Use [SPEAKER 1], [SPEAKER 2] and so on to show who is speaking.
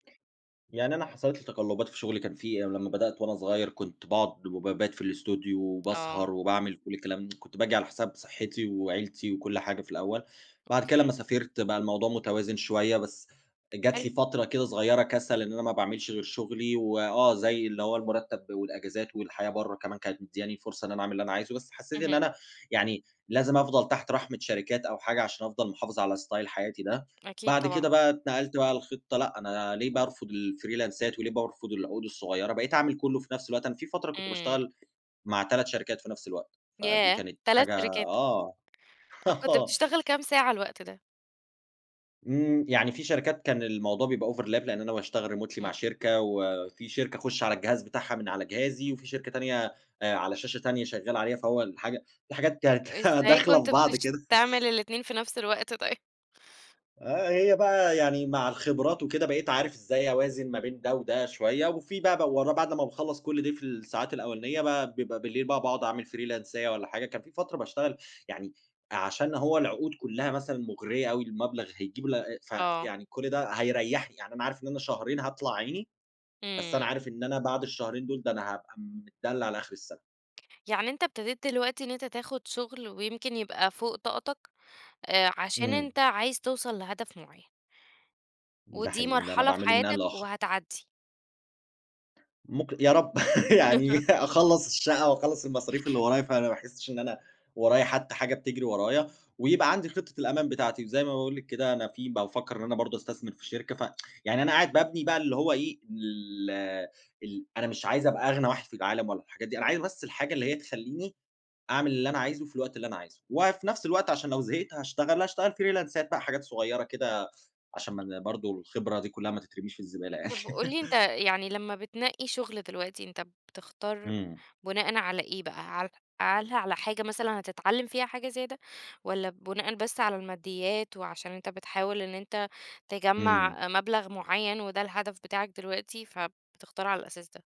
[SPEAKER 1] يعني أنا حصلت لي تَقلُّبات في شغلي. كان في أنا لمّا بدأت وأنا صغير، كنت باقعد وبابات في الأستوديو
[SPEAKER 2] آه.
[SPEAKER 1] وباسهر وباعمل كل الكلام، كنت باجي على حساب صحِّتي وعيلتي وكل حاجة في الأول. بعد كده
[SPEAKER 2] أوكي.
[SPEAKER 1] لمّا سافرت بقى الموضوع متوازن شوية، بس جات
[SPEAKER 2] حلو.
[SPEAKER 1] لي فترة كده صغيرة كَسَل، إن أنا ما باعملش غير شغلي و آه، زي اللي هو المُرتَّب والأجازات والحياة برّه كمان كانت مدّياني فرصة إن أنا أعمل اللي أنا عايزه، بس حسّيت إن
[SPEAKER 2] اهم.
[SPEAKER 1] أنا يعني لازم أفضل تحت رحمِة شركات أو حاجة عشان أفضل محافِظ على style حياتي ده.
[SPEAKER 2] أكيد
[SPEAKER 1] بعد
[SPEAKER 2] طبعًا.
[SPEAKER 1] كده بقى اتنقلت بقى لخطة، لأ، أنا ليه بارفُض الفريلانسات وليه بارفض العقود الصغيرة؟ بقيت أعمل كُلّه في نفس الوقت، أنا في فترة كنت
[SPEAKER 2] إمم.
[SPEAKER 1] باشتغل مع 3 شركات في نفس الوقت، فدي
[SPEAKER 2] ياه!
[SPEAKER 1] كانت
[SPEAKER 2] 3
[SPEAKER 1] حاجة
[SPEAKER 2] شركات.
[SPEAKER 1] آه،
[SPEAKER 2] أ كنت
[SPEAKER 1] آه.
[SPEAKER 2] بتشتغل كام ساعة الوقت ده؟
[SPEAKER 1] إمم. يعني في شركات كان الموضوع بيبقى overlap، لإن أنا باشتغل remotely مع
[SPEAKER 2] إمم.
[SPEAKER 1] شركة وفي شركة أخُش على الجهاز بتاعها من على جهازي وفي شركة تانية، آآ على شاشة تانية شغّال عليها فهو الحاجة الحاجات كانت
[SPEAKER 2] إزاي
[SPEAKER 1] داخلة
[SPEAKER 2] كنت
[SPEAKER 1] في بعض
[SPEAKER 2] بتش
[SPEAKER 1] كده.
[SPEAKER 2] تعمل الاتنين في نفس الوقت طيب؟
[SPEAKER 1] آه. هي بقى يعني مع الخبرات وكده، بقيت عارف إزاي أوازن ما بين ده وده شوية وفي بقى بو ورا بعد لمّا باخلّص كل ده في الساعات الأولانية بقى، بيبقى بالليل بقى باقعد أعمل فريلانساية والّا حاجة. كان في فترة باشتغل يعني عشان هو العقود كُلّها مثلًا مُغرية أوي، المبلغ هيجيب ل ف
[SPEAKER 2] آه.
[SPEAKER 1] يعني كل ده هيريّحني، يعني أنا عارف إن أنا شهرين هاطلع عيني، بس أنا
[SPEAKER 2] إمم.
[SPEAKER 1] عارف إن أنا بعد الشهرين دول، ده أنا هابقى متدلّع على آخِر السَنة.
[SPEAKER 2] يعني أنت ابتديت دلوقتي إن أنت تاخُد شُغل ويمكن يبقى فوق طاقتك، آآ عشان
[SPEAKER 1] إمم.
[SPEAKER 2] أنت عايز توصل لهدف معيّن.
[SPEAKER 1] ده
[SPEAKER 2] ودي
[SPEAKER 1] حقيقي، إن أنا
[SPEAKER 2] مرحلة في
[SPEAKER 1] باعمله من آن
[SPEAKER 2] حياتك
[SPEAKER 1] لآخَر.
[SPEAKER 2] وهتعدّي.
[SPEAKER 1] مك يا رب يعني أخلّص الشقّة وأخلّص المصاريف اللي ورايا، فأنا ما أحسِّش إن أنا ورايا حتّى حاجة بتجري ورايا، ويبقى عندي خِطّة الأمان بتاعتي. وزي ما باقول لِك كده أنا في بافكّر إن أنا برضه أستثمر في شركة ف يعني أنا قاعد بابني بقى اللي هو إيه، ال ال أنا مش عايز أبقى أغنى واحد في العالم ولا الحاجات دي، أنا عايز بس الحاجة اللي هي تخلّيني أعمل اللي أنا عايزه، في الوقت اللي أنا عايزه. وفي نفس الوقت عشان لو زهقت هاشتغل، لأ أشتغل فيريلانسات بقى حاجات صغيرة كده، عشان ما أنا برضه الخبرة دي كُلّها ما تترميش في الزبالة يعني.
[SPEAKER 2] طب وقُل لي أنت يعني لمّا بتنقّي شُغل دلوقتي، أنت بتختار
[SPEAKER 1] إمم.
[SPEAKER 2] بُناءً على إيه بقى؟ هل على على حاجة مثلًا هتتعلّم فيها حاجة زيادة والّا بُناءً بس على المادّيات وعشان أنت بتحاول إن أنت
[SPEAKER 1] إمم.
[SPEAKER 2] تجمّع آآ، مبلغ معيّن وده الهدف بتاعك دلوقتي، فبتختار على الأساس ده؟